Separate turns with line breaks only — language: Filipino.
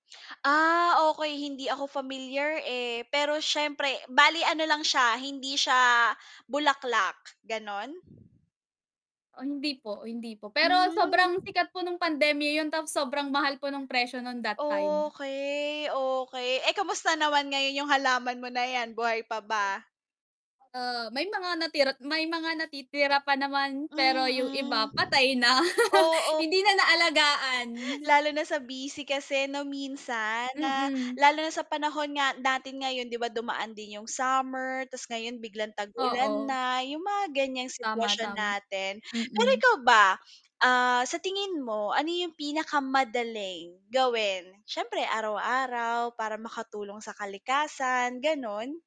Ah, okey hindi ako familiar, eh, pero siyempre, bale ano lang siya, hindi siya bulaklak, gano'n?
Oh hindi po, oh hindi po. Pero
Hmm.
sobrang sikat po no'ng pandemya 'yon, tapos sobrang mahal po no'ng presyo no'n that time.
Okey, okey, eh, kamusta naman ngayon 'yung halaman mo na 'yan, buhay pa ba?
Ah, may mga natirat may mga natitira pa naman, pero 'yung iba
Mm.
patay na,
Oo.
hindi na naalagaan.
Lalo na sa busy kasi 'no minsan na,
Mm.
lalo na sa panahon nga natin ngayon 'di ba dumaan din 'yung summer, ta's ngayon biglang tag-ulan
Oo.
na, 'yung mga ganiyang
Tama,
sitwasyon
tam
natin. Pero
mm.
ikaw ba, ah, sa tingin mo, ano 'yung pinakamadaling gawin, siyempre araw-araw para makatulong sa kalikasan, gano'n?